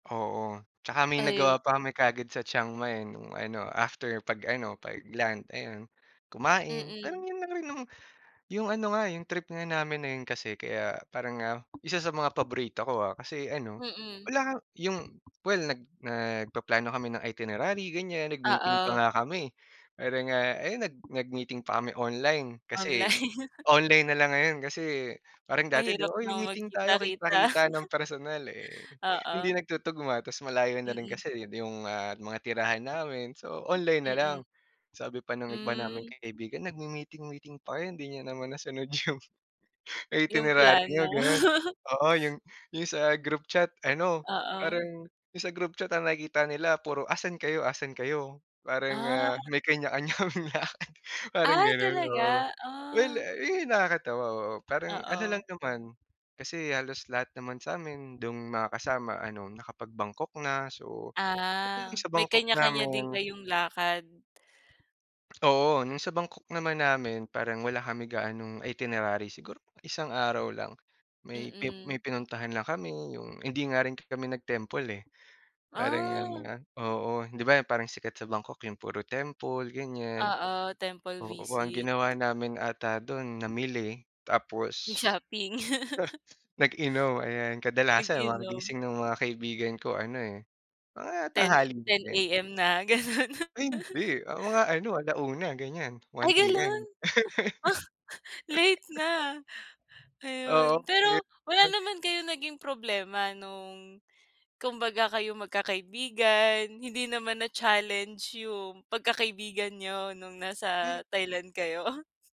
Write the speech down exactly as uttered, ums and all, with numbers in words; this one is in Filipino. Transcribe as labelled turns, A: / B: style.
A: Oo. Tsaka may
B: Ayun.
A: nagawa pa kami kaagad sa Chiang Mai, eh, nung ano after pag-ano, pag-land ayun. Kumain, pero
B: Mm.
A: 'yon lang rin yung, yung ano nga, eh, yung trip nga namin na 'yon kasi kaya parang, ah, isa sa mga paborito ko, ah, kasi ano
B: Mm.
A: wala nga, yung well nag nagpaplano kami ng itinerary gan'yan nag-meeting pa nga
B: Oo.
A: kami. Meron nga ayun nag nag-meeting pa kami online kasi
B: Online.
A: online na lang ngayon kasi parang dati 'di
B: Mahirap
A: ba,
B: 'no
A: "Uy may meeting tayo,"
B: magkita-kita.
A: kita-kita ng personal, eh, hindi
B: Oo.
A: nagtutuguma ta's malayo na rin
B: Mm.
A: kasi, eh, yung di ma mga tirahan namin, so online na lang.
B: Mm.
A: Sabi pa nung iba naming
B: Hmm.
A: kaibigan, "Nagmi-meeting meeting pa kayo hindi niyo naman nasunod yung
B: Yung
A: itinerary
B: plano.
A: niyo," gano'n. Oo, yung yung sa group chat ano,
B: Oo.
A: parang yung sa group chat ang nakikita nila puro, "Asan kayo, asan kayo," parang,
B: Ah.
A: ah, may kanya-kanya kaming lakad. Parang
B: Ay,
A: gano'n, oo.
B: talaga?
A: Well,
B: Ah.
A: eh, iyon yung nakakatawa oo, parang ano lang
B: Oo.
A: naman, kasi halos lahat naman sa'min do'n makakasama ano nakapag-Bangkok na, so do'n
B: Ah,
A: sa
B: may
A: Bangkok
B: kanya-kanya din
A: namin.
B: kayong lakad.
A: Oo, nung sa Bangkok naman namin parang wala kami gaanong itinerary, siguro isang araw lang may
B: Mm.
A: may pinuntahan lang kami yung hindi nga rin kami nag-temple, eh. Parang
B: Ah.
A: nganga, oo. 'Di ba parang sikat sa Bangkok yung puro temple, gan'yan.
B: Oo, temple
A: Oo ang
B: visit.
A: ginawa namin ata dun namili tapos
B: Yung shopping?
A: nag-inom, ayan. Kadalasan mga
B: Nag-inom.
A: gising ng mga kaibigan ko ano, eh, mga
B: ten,
A: tanghali na
B: ten
A: din.
B: AM na, gano'n.
A: Ay hindi, ah, mga ano ala una gan'yan. one
B: Ay gano'n?
A: PM.
B: Late na. Ayun,
A: Oo.
B: pero wala
A: [unintelligible]
B: naman kayong naging problema nung kumbaga kayong magkakaibigan hindi naman na-challenged yung pagkakaibigan niyo nung
A: Hmm.
B: nasa Thailand kayo?